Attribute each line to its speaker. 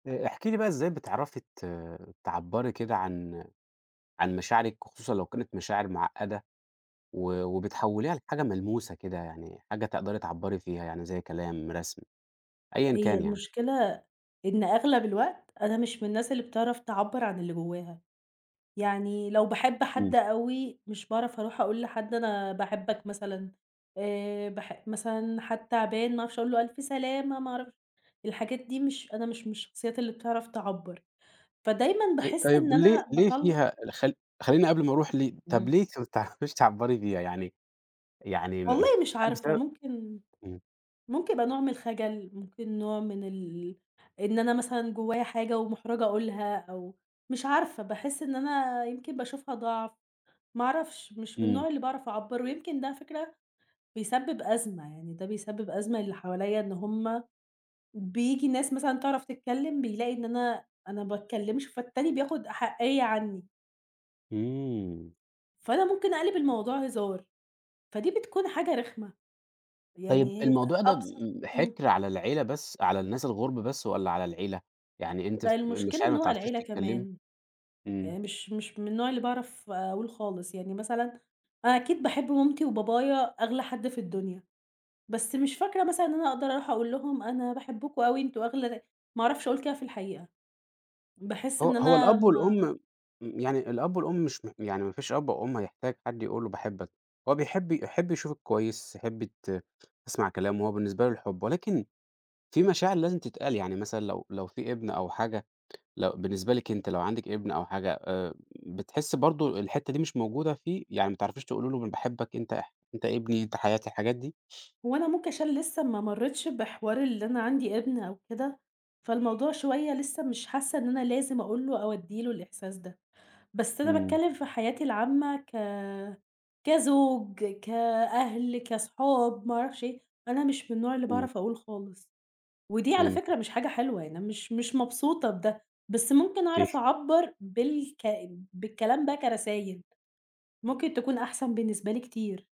Speaker 1: آآ احكِ لي بقى إزاي بتعرفي ت تعبرّي كده عن عن مشاعرِك، وخصوصًا لو كانت مشاعر معقّدة، و وبتحوّليها لحاجة ملموسة كده يعني، حاجة تقدري تعبّري فيها، يعني زي كلام رسم، أيًا
Speaker 2: هي
Speaker 1: كان يعني؟
Speaker 2: المشكلة إن أغلب الوقت، أنا مش من الناس اللي بتعرف تعبّر عن اللي جواها، يعني لو باحب
Speaker 1: إمم.
Speaker 2: حد أوي مش باعرف اروح أقول لحد أنا باحبك مثلًا، آآ باح مثلًا حد تعبان ما أعرفش أقول له: ألف سلامة ما أعرفش الحاجات دي مش أنا مش من الشخصيات اللي بتعرف تعبّر، فدايمًا
Speaker 1: طي
Speaker 2: باحس إن
Speaker 1: طيب ليه
Speaker 2: أنا
Speaker 1: ليه
Speaker 2: باطلّع
Speaker 1: فيها ال خل خلّيني قبل ما اروح ل طب
Speaker 2: إمم.
Speaker 1: ليه أنتِ ما بتعرفيش تعبّري بيها؟ يعني يعني م
Speaker 2: والله مش
Speaker 1: هل
Speaker 2: عارفة،
Speaker 1: بسبب
Speaker 2: ممكن
Speaker 1: إمم.
Speaker 2: ممكن يبقى نوع من الخَجَل، ممكن نوع من ال إن أنا مثلًا جوايا حاجة ومُحْرَجة أقولها أو مش عارفة باحس إن أنا يمكن باشوفها ضَعف، ما أعرفش مش من
Speaker 1: إمم.
Speaker 2: النوع اللي باعرف اعبّر ويمكن ده على فكرة، بيسبّب أزمة يعني، ده بيسبّب أزمة للي حواليّا إن هُم، بييجي ناس مثلًا تعرف تتكلّم، بيلاقي إن أنا أنا باتكلّمش فالتاني بياخد أحَقيّة عني.
Speaker 1: إمم.
Speaker 2: فأنا ممكن اقلب الموضوع هزار، فدي بتكون حاجة رخمة.
Speaker 1: طيب
Speaker 2: يعني
Speaker 1: الموضوع ده
Speaker 2: أبسط
Speaker 1: م
Speaker 2: إمم.
Speaker 1: حِكر على العيلة بس على الناس الغُرب بس والّا على العيلة، يعني أنتِ ف
Speaker 2: لأ
Speaker 1: مش
Speaker 2: المشكلة
Speaker 1: عارف
Speaker 2: إن
Speaker 1: ما بتعرفيش
Speaker 2: هوالعيلة
Speaker 1: تتكلّمي؟
Speaker 2: كمان،
Speaker 1: إمم.
Speaker 2: يعني مش مش من النوع اللي باعرف أقول خالص، يعني مثلًا أنا أكيد باحب مامتي وبابايا أغلى حد في الدنيا، بس مش فاكرة مثلًا إن أنا اقدر أروح أقول لهم أنا باحبكم أوي أنتم أغلى نا ما أعرفش أقول كده في الحقيقة. باحس
Speaker 1: ه
Speaker 2: إن
Speaker 1: هو
Speaker 2: أنا
Speaker 1: الأب
Speaker 2: ما
Speaker 1: والأم م يعني الأب والأم مش م يعني ما فيش أب أو أُم هيحتاج حد يقول له باحبك، هو بيحب يحب يشوفِك كويس، يحب ت تسمع كلامه، هو بالنسبة له الحب، ولكن في مشاعر لازم تتقال يعني مثلًا لو لو في ابن أو حاجة، لو بالنسبة لِك أنتِ لو عندِك ابن أو حاجة آآ، بتحسّي برضه الحتّة دي مش موجودة فيه، يعني ما تعرفيش تقولي له م باحبك أنت اح أنت ابني أنت حياتي، الحاجات دي؟
Speaker 2: هو أنا ممكن عشان لسّه ما مرّيتش بحوار اللي أنا عندي ابن أو كده، فالموضوع شوية لسّه مش حاسّة إن أنا لازم أقول له أو ادّي له الإحساس ده، بس أنا
Speaker 1: إمم.
Speaker 2: باتكلّم في حياتي العامّة ك كزوج، كأهل كصحاب ما أعرفش إيه، أنا مش من النوع اللي
Speaker 1: إمم.
Speaker 2: باعرف أقول خالص، ودي على فكرة
Speaker 1: فهمتِك.
Speaker 2: مش حاجة حلوة يعني أنا مش مش مبسوطة بده، بس ممكن
Speaker 1: اوكي.
Speaker 2: أعرف أعبّر بالك بالكلام ده كرسايل، ممكن تكون أحسن بالنسبة لي كتير.